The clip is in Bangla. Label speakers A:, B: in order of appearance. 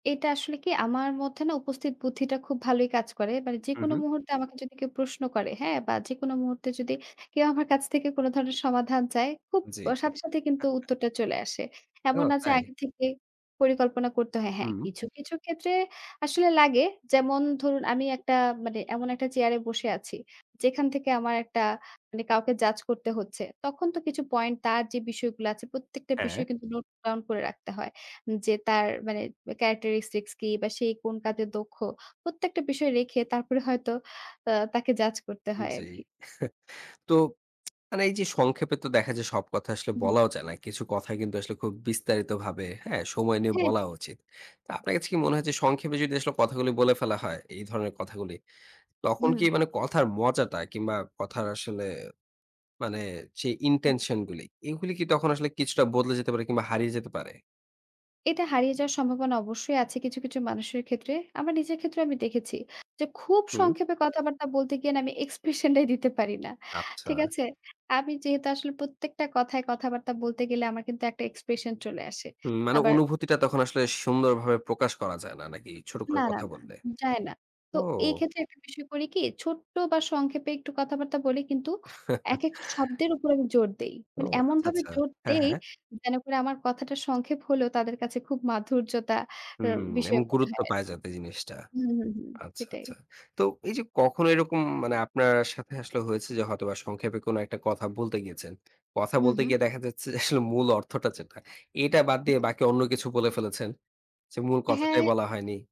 A: এটা আসলে কি? আমার মধ্যে না উপস্থিত বুদ্ধিটা খুব ভালোই কাজ করে। মানে
B: হু,
A: যেকোনো
B: হু।
A: মুহূর্তে আমাকে যদি কেউ প্রশ্ন করে, হ্যাঁ? বা যেকোনো মুহূর্তে যদি কেউ আমার কাছ থেকে কোন ধরনের সমাধান চায়, খুব
B: জি।
A: অ সাথে সাথেই কিন্তু উত্তরটা চলে আসে।
B: ও
A: এমন না যে
B: তাই?
A: আগে থেকে পরিকল্পনা করতে হয়। হ্যাঁ,
B: হুম।
A: কিছু, কিছু ক্ষেত্রে আসলে লাগে। যেমন ধরুন আমি একটা মানে এমন একটা চেয়ারে বসে আছি। যেখান থেকে আমার একটা মানে কাউকে জাজ করতে হচ্ছে। তখন তো কিছু পয়েন্ট, তার যে বিষয়গুলো আছে, প্রত্যেকটা
B: হ্যাঁ।
A: বিষয় কিন্তু নোট ডাউন করে রাখতে হয়। যে তার মানে অ্যা characteristics কি বা সে কোন কাজে দক্ষ? প্রত্যেকটা বিষয় রেখে তারপরে হয়তো আ তাকে জাজ করতে
B: উম
A: হয়
B: জি।
A: আরকি।
B: তো, মানে এই যে সংক্ষেপে তো দেখা যায় সব কথা আসলে
A: হুম।
B: বলাও যায় না। কিছু কথা কিন্তু আসলে খুব বিস্তারিতভাবে, হ্যাঁ? সময় নিয়ে
A: হ্যাঁ,
B: বলা
A: হ্যাঁ।
B: উচিত। তো, আপনার কাছে কি মনে হয় যে সংক্ষেপে যদি আসলে কথাগুলো বলে ফেলা হয়, এই ধরনের কথাগুলি। তখন কি
A: হুম।
B: মানে কথার মজাটা কিংবা কথার আসলে মানে যে
A: জি।
B: intention গুলি, এইগুলি কি তখন আসলে কিছুটা বদলে যেতে পারে কিংবা হারিয়ে যেতে পারে?
A: এটা হারিয়ে যাওয়ার সম্ভাবনা অবশ্যই আছে কিছু, কিছু মানুষের ক্ষেত্রে। আমার নিজের ক্ষেত্রেও আমি দেখেছি, যে খুব
B: হুম।
A: সংক্ষেপে কথাবার্তা বলতে গিয়ে না আমি এক্সপ্রেশন টাই দিতে পারি না।
B: আচ্ছা।
A: ঠিক আছে? আমি যেহেতু আসলে প্রত্যেকটা কথায় কথাবার্তা বলতে গেলে আমার কিন্তু একটা এক্সপ্রেশন চলে আসে।
B: হুম মানে
A: আবার
B: অনুভূতিটা তখন আসলে সুন্দরভাবে প্রকাশ করা যায় না নাকি, ছোট
A: না,
B: করে
A: না,
B: কথা
A: না।
B: বললে?
A: যায় না। তো এই
B: ও!
A: ক্ষেত্রে একটা বিষয় করি কি ছোট্ট বা সংক্ষেপে একটু কথাবার্তা বলি, কিন্তু একেকটা শব্দের উপর আমি জোর দেই।
B: ও
A: মানে
B: আচ্ছা,
A: এমনভাবে
B: আচ্ছা।
A: জোর
B: হ্যাঁ,
A: দেই,
B: হ্যাঁ।
A: যেন করে আমার কথাটা সংক্ষেপ হলেও তাদের কাছে খুব মাধুর্যতা এর
B: হুম। এবং
A: বিষয় মনে
B: গুরুত্ব
A: হয় আর
B: পায় যাতে জিনিসটা।
A: হু, হু, হু।
B: আচ্ছা,
A: সেটাই।
B: আচ্ছা। তো এই যে কখনো এরকম মানে আপনার সাথে আসলে হয়েছে যে হয়তোবা সংক্ষেপে কোনো একটা কথা বলতে গিয়েছেন। কথা
A: হু,
B: বলতে
A: হু।
B: গিয়ে দেখা যাচ্ছে যে আসলে মূল অর্থটা যেটা, এটা বাদ দিয়ে বাকি অন্য কিছু বলে ফেলেছেন? যে মূল
A: অ্যা
B: কথাটাই
A: হ্যাঁ।
B: বলা হয়নি?